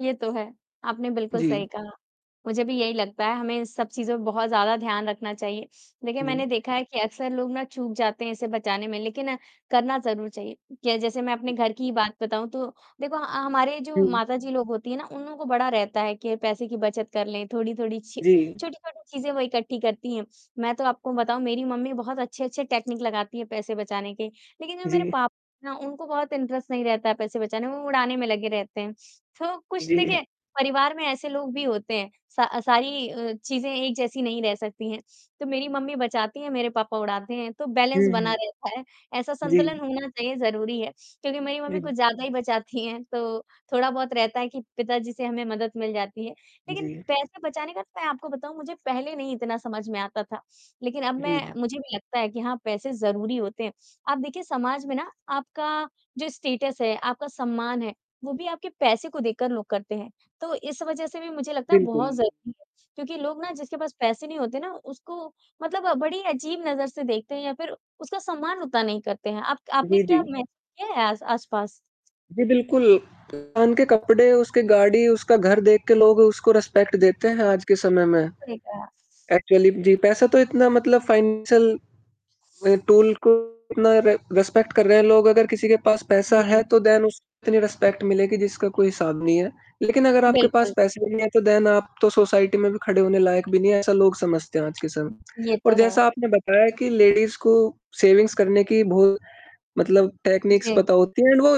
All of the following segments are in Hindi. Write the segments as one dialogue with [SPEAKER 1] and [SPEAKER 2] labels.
[SPEAKER 1] ये तो है, आपने बिल्कुल
[SPEAKER 2] जी।
[SPEAKER 1] सही कहा, मुझे भी यही लगता है, हमें इन सब चीज़ों पे बहुत ज़्यादा ध्यान रखना चाहिए देखिए
[SPEAKER 2] जी।
[SPEAKER 1] मैंने देखा है कि अक्सर लोग ना चूक जाते हैं इसे बचाने में लेकिन करना ज़रूर चाहिए, जैसे मैं अपने
[SPEAKER 2] जी।
[SPEAKER 1] घर की ही बात बताऊँ तो देखो ह हमारे जो
[SPEAKER 2] हुँ, हुँ।
[SPEAKER 1] माताजी लोग होती हैं ना, उन लोगों को बड़ा रहता है कि पैसे की बचत कर लें, थोड़ी-थोड़ी छ
[SPEAKER 2] जी।
[SPEAKER 1] छोटी-छोटी चीज़ें वो इकट्ठी करती हैं। मैं तो आपको बताऊँ मेरी मम्मी बहुत अच्छे-अच्छे टेक्निक लगाती है पैसे बचाने के, लेकिन जो मेरे
[SPEAKER 2] जी।
[SPEAKER 1] पापा हैं उनको बहुत इंटरेस्ट नहीं रहता है पैसे बचाने में, वो उड़ाने में लगे रहते हैं, तो कुछ
[SPEAKER 2] जी।
[SPEAKER 1] देखिए परिवार में ऐसे लोग भी होते हैं, स सारी अ, चीज़ें एक जैसी नहीं रह सकती हैं, तो मेरी मम्मी बचाती हैं, मेरे पापा उड़ाते हैं, तो बैलेंस
[SPEAKER 2] हुँ, हुँ।
[SPEAKER 1] बना रहता है। ऐसा संतुलन
[SPEAKER 2] जी।
[SPEAKER 1] होना चाहिए ज़रूरी है क्योंकि मेरी मम्मी
[SPEAKER 2] दीं
[SPEAKER 1] कुछ ज़्यादा ही बचाती हैं तो थोड़ा-बहुत रहता है कि पिताजी से हमें मदद मिल जाती है, लेकिन
[SPEAKER 2] जी।
[SPEAKER 1] पैसे बचाने का तो मैं आपको बताऊँ मुझे पहले नहीं इतना समझ में आता था, लेकिन अब
[SPEAKER 2] जी,
[SPEAKER 1] मैं
[SPEAKER 2] जी।
[SPEAKER 1] मुझे भी लगता है कि हाँ, पैसे ज़रूरी होते हैं। आप देखिए समाज में ना आपका जो स्टेटस है, आपका सम्मान है वो भी आपके पैसे को देखकर लोग करते हैं, तो इस वज़ह से भी मुझे लगता है
[SPEAKER 2] बिल्कुल।
[SPEAKER 1] बहुत ज़रूरी है क्योंकि लोग ना जिसके पास पैसे नहीं होते ना उसको मतलब बड़ी अजीब नज़र से देखते हैं या फ़िर उसका सम्मान उतना नहीं करते हैं। आप आपने
[SPEAKER 2] जी,
[SPEAKER 1] क्या
[SPEAKER 2] जी।
[SPEAKER 1] महसूस किया है आस आसपास?
[SPEAKER 2] जी, बिल्कुल उनके कपड़े, उसकी गाड़ी, उसका घर देख के लोग उसको रिस्पेक्ट देते
[SPEAKER 1] जी।
[SPEAKER 2] हैं आज के समय में,
[SPEAKER 1] सही कहा।
[SPEAKER 2] एक्चुअली जी, पैसा तो इतना मतलब फ़ाइनेंशियल टूल को उतना रि रिस्पेक्ट कर रहे हैं लोग, अगर किसी के पास पैसा है
[SPEAKER 1] जी।
[SPEAKER 2] तो देन उसके लिये रिस्पेक्ट मिलेगी जिसका कोई हिसाब नहीं है, लेकिन अगर आपके पास
[SPEAKER 1] बिल्कुल।
[SPEAKER 2] पैसे नहीं हैं तो देन आप तो सोसाइटी में भी खड़े होने लायक भी नहीं है ऐसा लोग समझते हैं आज के समय में
[SPEAKER 1] ये
[SPEAKER 2] और
[SPEAKER 1] तो है।
[SPEAKER 2] जैसा आपने बताया कि लेडीज़ को सेविंग्स करने की बहुत मतलब टेक्निक्स
[SPEAKER 1] जी।
[SPEAKER 2] पता होती हैं एंड वो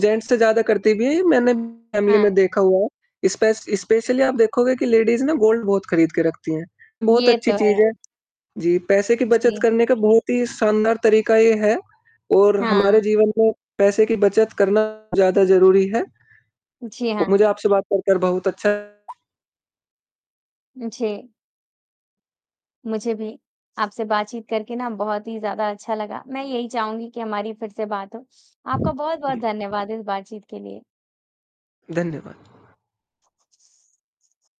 [SPEAKER 2] जेंट्स से ज़्यादा करती भी है। ये मैंने फ़ैमिली
[SPEAKER 1] हाँ।
[SPEAKER 2] में देखा हुआ है, स्पेश स्पेशली आप देखोगे कि लेडीज़ ना गोल्ड बहुत खरीद के रखती हैं, बहुत
[SPEAKER 1] ये
[SPEAKER 2] अच्छी
[SPEAKER 1] तो है।
[SPEAKER 2] चीज़ है। जी, पैसे की बचत
[SPEAKER 1] जी।
[SPEAKER 2] करने का बहुत ही शानदार तरीका ये है और
[SPEAKER 1] हाँ।
[SPEAKER 2] हमारे जीवन में पैसे की बचत करना ज़्यादा ज़रूरी है।
[SPEAKER 1] जी,
[SPEAKER 2] मुझे
[SPEAKER 1] हाँ।
[SPEAKER 2] आपसे बात कर, कर बहुत अच्छा
[SPEAKER 1] जी। मुझे भी आपसे बातचीत करके ना बहुत ही ज़्यादा अच्छा लगा। मैं यही चाहूँगी कि हमारी फ़िर से बात हो। आपका बहुत-बहुत धन्यवाद इस बातचीत के लिए।
[SPEAKER 2] धन्यवाद।